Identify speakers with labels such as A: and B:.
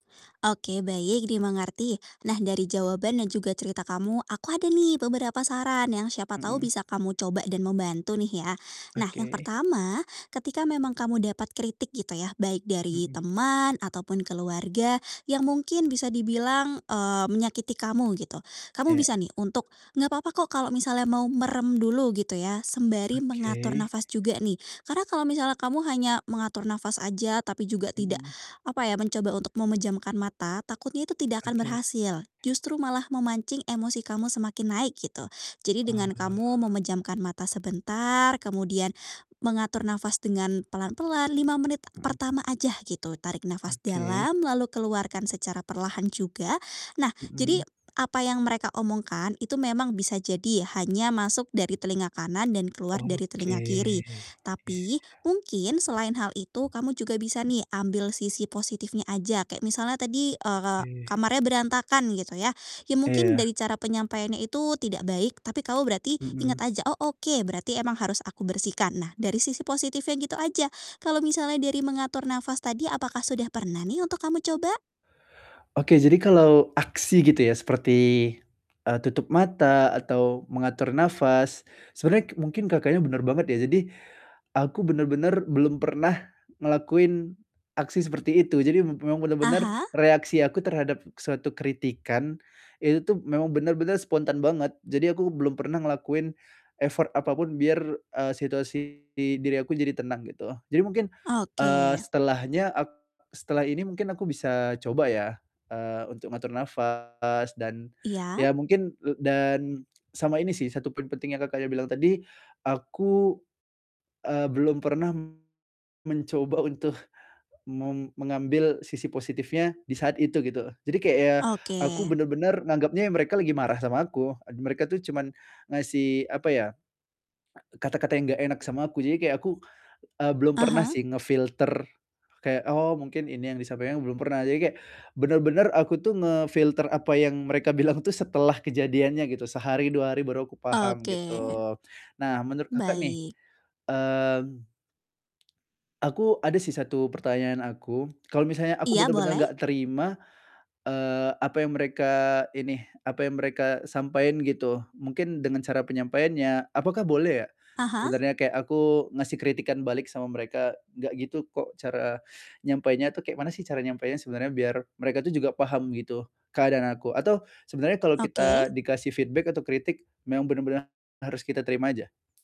A: Oke, baik, dimengerti. Nah, dari jawaban dan juga cerita kamu, aku ada nih beberapa saran yang siapa tahu
B: Mhm.
A: bisa kamu coba dan membantu nih ya. Nah, yang
B: Oke.
A: pertama, ketika memang kamu dapat kritik, gitu ya, baik dari
B: Mhm.
A: teman ataupun keluarga, yang mungkin bisa dibilang, eee, menyakiti kamu, gitu. Kamu bisa
B: Iya.
A: nih untuk enggak papa kok kalau misalnya mau merem dulu, gitu ya, sembari mengatur
B: Oke.
A: nafas juga nih. Karena kalau misalnya kamu hanya mengatur nafas aja, tapi juga tidak,
B: Mhm.
A: apa ya, mencoba untuk memejamkan mata, takutnya itu tidak akan
B: Oke.
A: berhasil. Justru malah memancing emosi kamu semakin naik, gitu. Jadi dengan
B: Oh.
A: kamu memejamkan mata sebentar, kemudian mengatur nafas dengan pelan-pelan, 5 menit
B: Mhm.
A: pertama aja, gitu. Tarik
B: O
A: nafas
B: oke.
A: dalam, lalu keluarkan secara perlahan juga. Nah, jadi
B: Mhm.
A: apa yang mereka omongkan, itu memang bisa jadi hanya masuk dari telinga kanan dan keluar dari
B: Oke,
A: telinga
B: iya
A: kiri.
B: iya
A: Tapi, mungkin selain hal itu, kamu juga bisa
B: iya.
A: nih, ambil sisi positifnya aja, kayak misalnya tadi, eee,
B: Oke.
A: kamarnya berantakan, gitu ya. Ya mungkin
B: Iya.
A: dari cara penyampaiannya itu tidak baik, tapi kamu berarti
B: Mhm.
A: ingat aja, "Oh, oke, berarti emang harus aku bersihkan." Nah, dari sisi positifnya gitu aja. Kalau misalnya dari mengatur nafas tadi, apakah sudah pernah nih untuk kamu coba?
B: Oke, jadi kalau aksi gitu ya seperti, eee, tutup mata atau mengatur nafas sebenernya k mungkin Kakaknya bener banget ya. Jadi, aku bener-bener belum pernah ngelakuin aksi seperti itu. Jadi m memang bener-bener
A: Aha?
B: reaksi aku terhadap suatu kritikan, itu tuh memang bener-bener spontan banget. Jadi aku belum pernah ngelakuin effort apapun biar, eee, situasi di diri aku jadi tenang, gitu. Jadi mungkin, eee,
A: Oke.
B: setelahnya ak setelah ini mungkin aku bisa coba ya, eee, untuk ngatur nafas dan
A: Iya?
B: ya mungkin le dan sama ini sih, 1 poin penting yang Kakaknya bilang tadi, aku, eee, belum pernah mencoba untuk mem mengambil sisi positifnya di saat itu, gitu. Jadi kayak ya, aku
A: Oke.
B: bener-bener nganggepnya ya mereka lagi marah sama aku. Ad mereka tuh cuman ngasih, apa ya, kata-kata yang gak enak sama aku. Jadi kayak aku, eee, belum pernah
A: Aha.
B: sih nge-filter kayak, "Oh, mungkin ini yang disampaikan," belum pernah. Jadi kayak bener-bener aku tuh nge-filter apa yang mereka bilang tuh setelah kejadiannya, gitu. Sehari, 2 hari baru aku paham,
A: Oke.
B: gitu. Nah, menurut Kakak nih,
A: Baik.
B: mmm aku ada sih 1 pertanyaan aku. Kalau misalnya aku
A: Iya,
B: bener-bener
A: boleh.
B: nggak terima, eee, apa yang mereka ini, apa yang mereka sampaiin gitu, mungkin dengan cara penyampaiannya, apakah boleh ya,
A: Aha.
B: sebenernya kayak aku ngasih kritikan balik sama mereka, "Gak gitu kok." Cara nyampainya tuh, kayak mana sih cara nyampainya sebenernya biar mereka tuh juga paham, gitu, keadaan aku. Atau sebenernya kalau
A: Oke.
B: kita dikasih feedback atau kritik memang bener-bener harus kita terima aja?